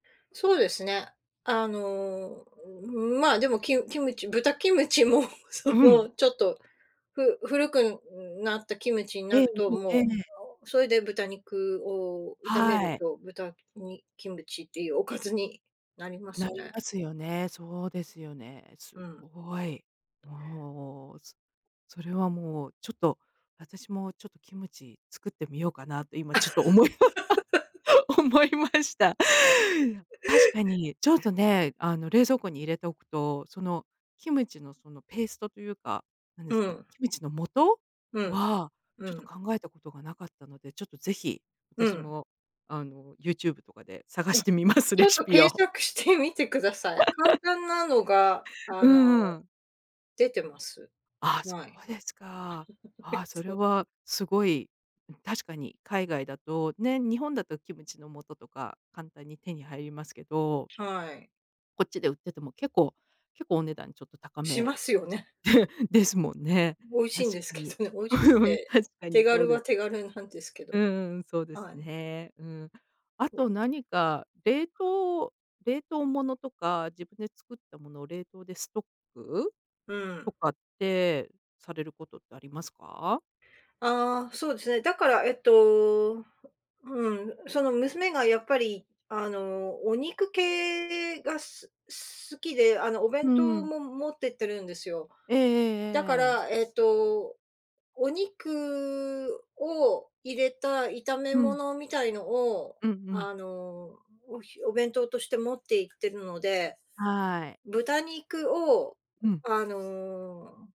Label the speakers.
Speaker 1: そうですね。あの、ん、ま、でもキムキムチ豚キムチも そ
Speaker 2: うん。
Speaker 1: のちょっと、ふ古くなったキムチにな
Speaker 2: ええ
Speaker 1: ると
Speaker 2: え
Speaker 1: も
Speaker 2: え。
Speaker 1: う、それで豚肉を炒め
Speaker 2: は
Speaker 1: る
Speaker 2: い。
Speaker 1: と、豚にキムチっていうおかずになりま
Speaker 2: な
Speaker 1: す
Speaker 2: り
Speaker 1: ね。
Speaker 2: ますよね、そうですよね。す
Speaker 1: うん。
Speaker 2: ごい。もう、すそれはもう、ちょっと、私もちょっとキムチ作ってみようかなって今ちょっと思い ま思いました。確かに、ちょっとね、あの冷蔵庫に入れておくと、その、キムチのそのペーストというか、何で
Speaker 1: う
Speaker 2: すか、
Speaker 1: ん。
Speaker 2: キムチの素
Speaker 1: うん、
Speaker 2: は、
Speaker 1: う
Speaker 2: ちょっと
Speaker 1: ん。
Speaker 2: 考えたことが無かったので、ちょっと是非、
Speaker 1: う
Speaker 2: 私
Speaker 1: ん。
Speaker 2: も、あの YouTube とかで探
Speaker 1: お、
Speaker 2: してみます、
Speaker 1: ち
Speaker 2: レ
Speaker 1: ょっ
Speaker 2: シ
Speaker 1: と
Speaker 2: ピ
Speaker 1: 検
Speaker 2: を。
Speaker 1: 索してみてください。簡 単なのが、あ
Speaker 2: う
Speaker 1: の、
Speaker 2: んうん。
Speaker 1: 出てます。
Speaker 2: ああ、そ
Speaker 1: はい。
Speaker 2: うですか。ああ、それ
Speaker 1: そう。
Speaker 2: はすごい。ん、確かに海外だと、ね、日本だとキムチの素とか簡単に手に入りますけど。
Speaker 1: はい。
Speaker 2: こっちで売ってても、結構結構お値段ちょっと高
Speaker 1: し
Speaker 2: め
Speaker 1: ますよね。
Speaker 2: ですもんね。
Speaker 1: 美味しい
Speaker 2: 確
Speaker 1: んです
Speaker 2: か
Speaker 1: け
Speaker 2: に。
Speaker 1: どね、美味しく
Speaker 2: うん、
Speaker 1: て、
Speaker 2: 確か
Speaker 1: 手
Speaker 2: にそう
Speaker 1: 軽
Speaker 2: で
Speaker 1: は
Speaker 2: す。
Speaker 1: 手軽なんですけ
Speaker 2: うん
Speaker 1: ど。
Speaker 2: うんうん、そうです
Speaker 1: はい。
Speaker 2: ね、うん。あと何か冷凍冷凍物とか自分で作ったものを冷凍でストック
Speaker 1: う
Speaker 2: と
Speaker 1: ん。
Speaker 2: かってされることってありますか？
Speaker 1: ああ、そうですね、だから、えっと、うん、その娘がやっぱり、あのお肉系がすす好きで、あのお弁
Speaker 2: う
Speaker 1: 当
Speaker 2: ん。
Speaker 1: も持ってってるんですよ。
Speaker 2: えええ
Speaker 1: だか
Speaker 2: えええええ。
Speaker 1: ら、えっと、お肉を入れた炒め
Speaker 2: うん。
Speaker 1: 物みたいのを、
Speaker 2: うんうん。
Speaker 1: あのおひお弁当として持っていってるので、
Speaker 2: はい。
Speaker 1: 豚肉を、
Speaker 2: うん。
Speaker 1: あの